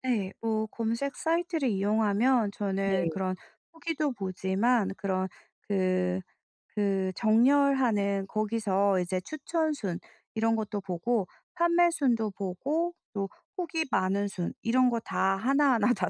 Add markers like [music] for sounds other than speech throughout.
네. 뭐 검색 사이트를 이용하면 저는 네. 그런 후기도 보지만 그런 그 그 정렬하는 거기서 이제 추천순 이런 것도 보고, 판매순도 보고 또 후기 많은 순 이런 거 다 하나하나 다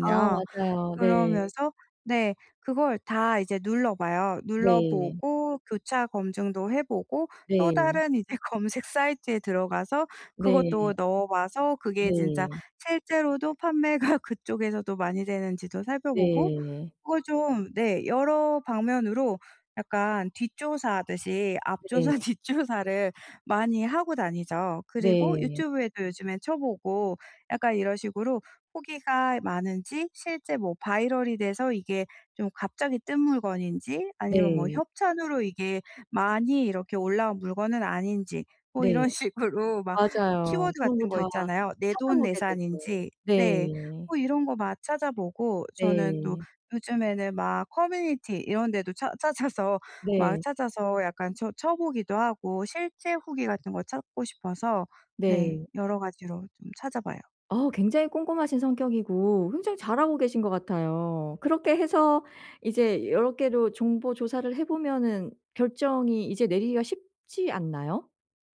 아, 맞아요. 네. 그러면서 네, 그걸 다 이제 눌러봐요. 네. 눌러보고 교차 검증도 해 보고 또 네. 다른 이제 검색 사이트에 들어가서 네. 그것도 넣어봐서 그게 진짜 네. 실제로도 판매가 그쪽에서도 많이 되는지도 살펴보고 네. 그 좀 네 여러 방면으로 약간 뒷조사하듯이 앞조사, 네. 뒷조사를 많이 하고 다니죠. 그리고 네. 유튜브에도 요즘에 쳐보고, 약간 이런 식으로 후기가 많은지 실제 뭐 바이럴이 돼서 이게 좀 갑자기 뜬 물건인지 아니면 뭐 네. 협찬으로 이게 많이 이렇게 올라온 물건은 아닌지 뭐 네. 이런 식으로 막 맞아요. 키워드 그런 거 같은 거 다 있잖아요. 내 돈 찾아보게 되죠. 내산인지. 네. 네. 뭐 이런 거 막 찾아보고 저는 또 네. 요즘에는 막 커뮤니티 이런 데도 찾 찾아서 막 네. 찾아서 약간 쳐 쳐보기도 하고 실제 후기 같은 걸 찾고 싶어서 네 네. 여러 가지로 좀 찾아봐요. 아, 굉장히 꼼꼼하신 성격이고 굉장히 잘하고 계신 것 같아요. 그렇게 해서 이제 여러 개로 정보 조사를 해 보면은 결정이 이제 내리기가 쉽지 않나요?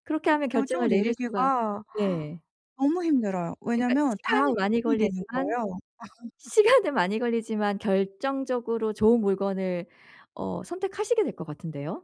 그렇게 하면 결정을 결정을 내릴 수가 내리기가 네. 너무 힘들어요. 그러니까 왜냐면 다 시간이 많이 옵션이 되는 걸리지만 거예요. [laughs] 시간은 많이 걸리지만 결정적으로 좋은 물건을 어 선택하시게 될 것 같은데요.